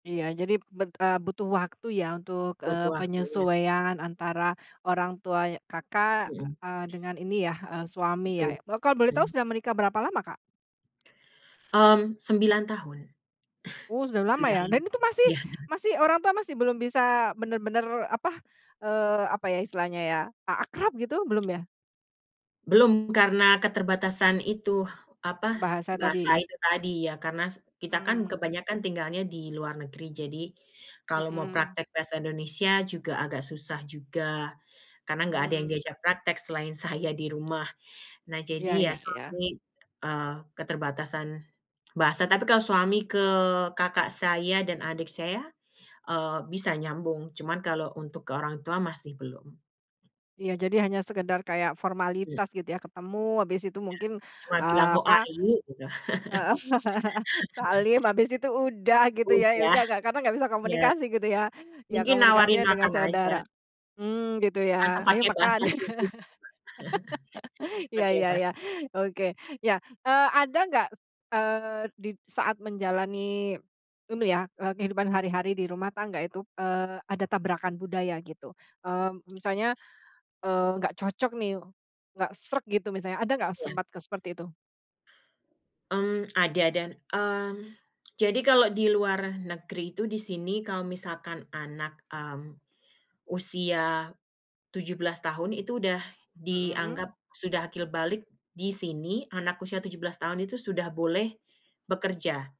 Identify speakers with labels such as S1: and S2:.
S1: Iya jadi, bet eee, butuh waktu ya, untuk, eee,
S2: Butuh waktu, ya?
S1: penyesuaian antara orang tua ya Kakak,
S2: Mhm.
S1: eee, dengan ini yah, eee, suami ya?
S2: Betul,
S1: Kalau boleh tahu
S2: hmm.
S1: sudah menikah berapa lama, Kak?
S2: Mmm, 9 tahun.
S1: Oh sudah lama
S2: Sudah
S1: ya?
S2: lam
S1: Dan itu masih
S2: iya, heeh.
S1: masih, orang tua masih belum bisa, benar-benar apa eee, apa ya istilahnya ya, a akrab gitu, belum ya?
S2: Belum, karena keterbatasan itu apa,
S1: Bahasa
S2: bahasa
S1: tadi?
S2: itu tadi. Ya karena se kita kan
S1: Mmm.
S2: kebanyakan tinggalnya di luar negeri. Jadi, kalau mau
S1: Mhm.
S2: praktek bahasa Indonesia, juga agak susah juga. Karena nggak ada yang
S1: Mmm.
S2: diajak praktek selain saya di rumah. Nah,
S1: Iya
S2: jadi ya
S1: ya ya.
S2: suami, eee, keterbatasan bahasa. Tapi kalau suami ke kakak saya, dan adik saya, eee, bisa nyambung. Cuman kalau untuk ke orang tua masih belum.
S1: Iya jadi hanya sekedar kayak
S2: Mmm.
S1: formalitas, gitu ya. Ketemu habis itu
S2: Iya,
S1: mungkin,
S2: cuma bilang
S1: eee,
S2: how
S1: apa
S2: are you, gitu.
S1: heeh. Salim, asbis itu udah, gitu ya ya
S2: Udah.
S1: udah nggak karena nggak bisa
S2: iya.
S1: komunikasi, gitu ya. Ya
S2: Mungkin nawarin
S1: komunikasinya dengan
S2: makan aja.
S1: saudara mmm, gitu
S2: Atau
S1: ya, "ayo
S2: pakai
S1: makan".
S2: bahasa tubuh.
S1: Iya
S2: Pakai
S1: ya
S2: bahasa
S1: ya. Oke. Ya, eee, ada nggak, eee, di saat menjalani, ini ya, eee, kehidupan hari-hari di rumah tangga itu, eee, ada tabrakan budaya, gitu? Mmm, misalnya, eee, nggak cocok nih, nggak sreg gitu misalnya. Ada nggak,
S2: Iya.
S1: sempat ke seperti itu?
S2: Mmm, ada dan, mmm, jadi kalau di luar negeri itu, di sini kalau misalkan anak, mmm, usia 17 tahun, itu udah
S1: Mhm.
S2: dianggap sudah akil balig. Di sini, anak usia 17 tahun itu, sudah boleh bekerja.